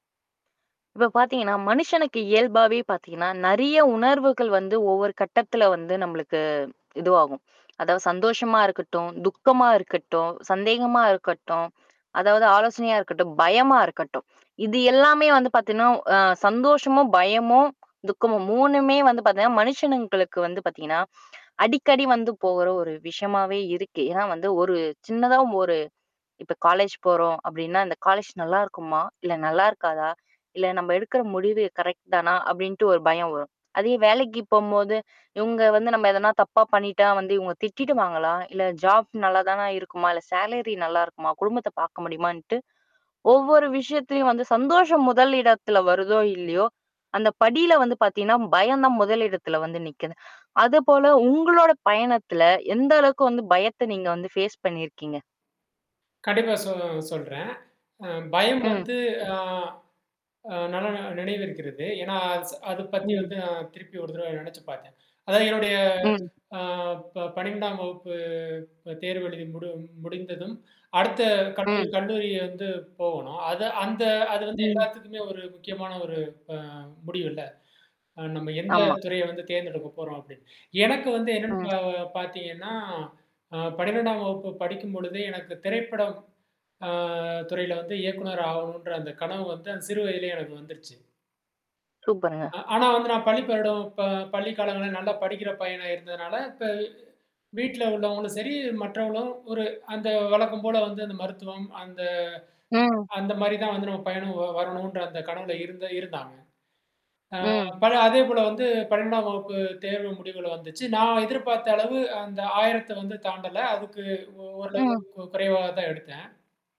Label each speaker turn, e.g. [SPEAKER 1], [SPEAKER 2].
[SPEAKER 1] இப்ப பார்த்தீங்கன்னா, மனுஷனுக்கு இயல்பாவே பார்த்தீங்கன்னா, நெறைய உணர்வுகள் வந்து ஒவ்வொரு கட்டத்ல வந்து நம்மளுக்கு இதுவாகும். அதாவது சந்தோஷமா இருக்கட்டும், துக்கமா இருக்கட்டும், சந்தேகமா இருக்கட்டும், அதாவது ஆலோசனையா இருக்கட்டும், பயமா இருக்கட்டும். இது எல்லாமே வந்து பார்த்தீங்கன்னா அ சந்தோஷமும், பயமும், துக்கமும், 3மே வந்து பார்த்திங்கன்னா மனுஷனுங்களுக்கு வந்து பார்த்திங்கன்னா, அடிக்கடி வந்து போகிற ஒரு விஷயமாகவே இருக்கு. ஏன்னா வந்து, ஒரு சின்னதா ஒரு இப்ப காலேஜ் போறோம் அப்டின்னா, "இந்த காலேஜ் நல்லாயிருக்குமா? இல்ல நல்லாயிருக்காதா? இல்ல நம்ம எடுக்கிற முடிவு கரெக்ட் தானா?"அப்டின்ட்டு ஒரு பயம் வரும். அதே வேலைக்கு போம்போது "இவுங்க வந்து நம்ம எதனா தப்பா பண்ணிட்டா வந்து, இவுங்க திட்டிடுவாங்களா? இல்ல ஜாப் நல்லாதானா இருக்குமா? இல்ல சேலரி நல்லாயிருக்குமா? குடும்பத்த பார்க்க முடியுமான்ட்டு" ஒவ்வொரு விஷயத்திலும் வந்து சந்தோஷம் முதல் இடத்தில் வருதோ இல்லையோ, அந்த படியில் வந்து பார்த்தீங்கன்னா பயம் தான் முதல் இடத்தில் வந்து நிக்குது. அது போல உங்களுடைய பயணத்தில, எந்த அளவுக்கு வந்து பயத்த நீங்க வந்து ஃபேஸ் பண்ணிருக்கீங்க?
[SPEAKER 2] கண்டிப்பா, சொ சொல்றேன். அ பயம்
[SPEAKER 1] ம்.
[SPEAKER 2] வந்து ஆ அ நல்லா நினைவிருக்கிறது ஏன்னா, அத பத்தி
[SPEAKER 1] ம்.
[SPEAKER 2] வந்து நான் திருப்பி ஒரு தடவ நெனைச்சு பார்த்தேன். அதாவது என்னுடைய
[SPEAKER 1] ம்.
[SPEAKER 2] ஆ ப 12ஆம் வகுப்பு ப தேர்வு எழுதி முடி முடிந்ததும், அடுத்த கல்லூரி
[SPEAKER 1] ம்.
[SPEAKER 2] கல்லூரி வந்து போகணும். அது அந்த அது வந்து
[SPEAKER 1] ம்.
[SPEAKER 2] எல்லாத்துக்குமே ஒரு முக்கியமான ஒரு ஆ முடிவுல்ல. நம்ம எந்த
[SPEAKER 1] ஆமா.
[SPEAKER 2] துறையை வந்து தேர்ந்தெடுக்கப் போறோம் அப்டின்னு. எனக்கு வந்து என்னன்னு ப
[SPEAKER 1] ம்.
[SPEAKER 2] பார்த்தீங்கனா அ 12ஆம் வகுப்பு படிக்கும் பொழுதே, எனக்கு திரைப்படம் ஆ துறையில வந்து இயக்குனர் ஆகணும்ன்ற அந்த கனவு வந்து அந்த சிறு வயதிலேயே எனக்கு வந்துருச்சு.
[SPEAKER 1] சூப்பர்ங்க.
[SPEAKER 2] அ ஆனா வந்து, நான் பள்ளி பருவம் ப பள்ளிக் காலங்களில நல்லா படிக்கிற பையனா இருந்ததனால, இப்ப வீட்டில உள்ளவங்களும் சரி மற்றவர்களும் ஒரு அந்த வழக்கம் போல வந்து அந்த மருத்துவம் அந்த
[SPEAKER 1] ம்.
[SPEAKER 2] அந்த மாரி தான் வந்து நம்ம பையனும் வ வரணுன்ற அந்த கனவுல இருந்த இருந்தாங்க. ஆ
[SPEAKER 1] ம்.
[SPEAKER 2] ப அதே போல வந்து 12ஆம் வகுப்பு தேர்வு முடிவுகள் வந்துச்சு. நான் எதிர்பார்த்த அளவு அந்த 1000த்தை வந்து தாண்டல. அதுக்கு ஓ
[SPEAKER 1] ம்.
[SPEAKER 2] ஓரளவுக்கு குறைவா தான் எடுத்தேன்.